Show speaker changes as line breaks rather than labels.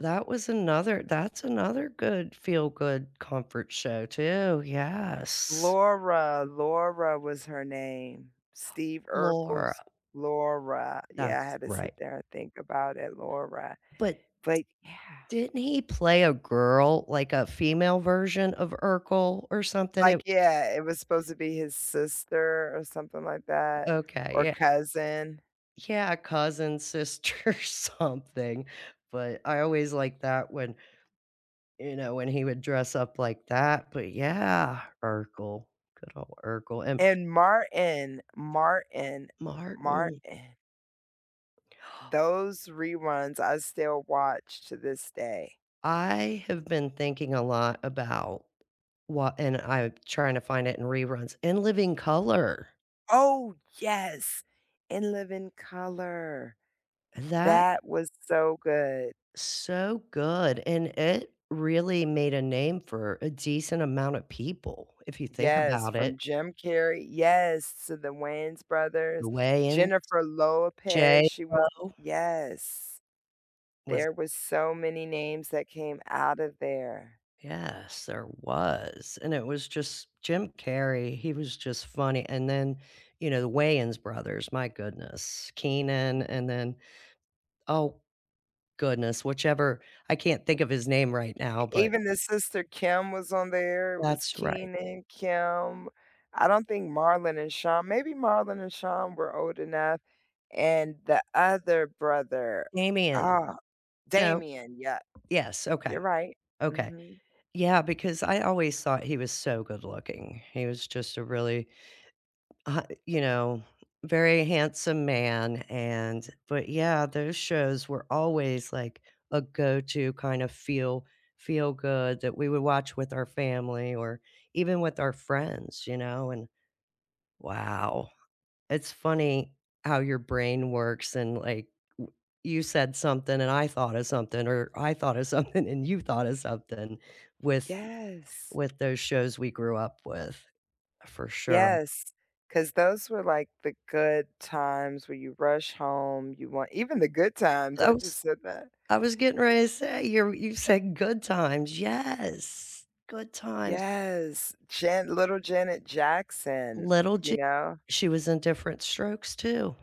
That was another that's another good feel-good comfort show too, yes.
Laura, Laura was her name. Steve
Laura.
Urkel's Laura yeah, I
That's
had to sit
right.
there and think about it. Laura.
But
But yeah.
Didn't he play a girl, like a female version of Urkel or something?
Like,
It
yeah, it was supposed to be his sister or something like that,
Okay,
or
yeah.
cousin.
Yeah, cousin, sister, something, but I always liked that when You know, when he would dress up like that, but yeah, Urkel. Good ol' Urkel. And
And Martin. Martin,
Martin.
Martin. Those reruns I still watch to this day.
I have been thinking a lot about what and I'm tryna find it in reruns In Living Color.
Oh, yes. In Living Color.
That
That was so good.
So good, and it really made a name for a decent amount of people, if you think
Yes,
about
from
it.
Jim Carrey Yes, to the Wayans
The
brothers.
Wayans,
Jennifer Lopez, she was
J.Lo
Yes.
Was
There was so many names that came outta there.
Yes, there was, and it was just Jim Carrey, he was just funny and then, you know, the Wayans brothers, my goodness.
Y
Keenan and then, oh, goodness, whichever, I can't think of his name right
E
now, but
even the sister Kim was on there. It was
That's right.
Keenen, Kim, I don't think Marlon and Shawn, maybe Marlon and Shawn were old enough, and the other brother,
Damian.
ah,
No.
Damien. Yep.
Yes, okay.
You're right.
Okay.
Mhm.
Yeah, because I always thought he was so good-looking. He was just a really, uh, you know, very handsome man and but yeah, those shows were always like a go-to kinda feel feel-good that we would watch with our family or even with our friends, you know? And wow, it's funny how your brain works and, like, w you said something and I thought of something, or I thought of something and you thought of something with
Yes.
with those shows we grew up with, for sure.
Yes, 'cause those were like the good times where you rush home, you want Even the Good Times,
I
I just
was
said that.
I was getting ready to say, you're you said Good Times. Yes, Good Times.
Yes. Jan little Janet Jackson,
Little
you
J
know?
She was in Diff'rent Strokes, too.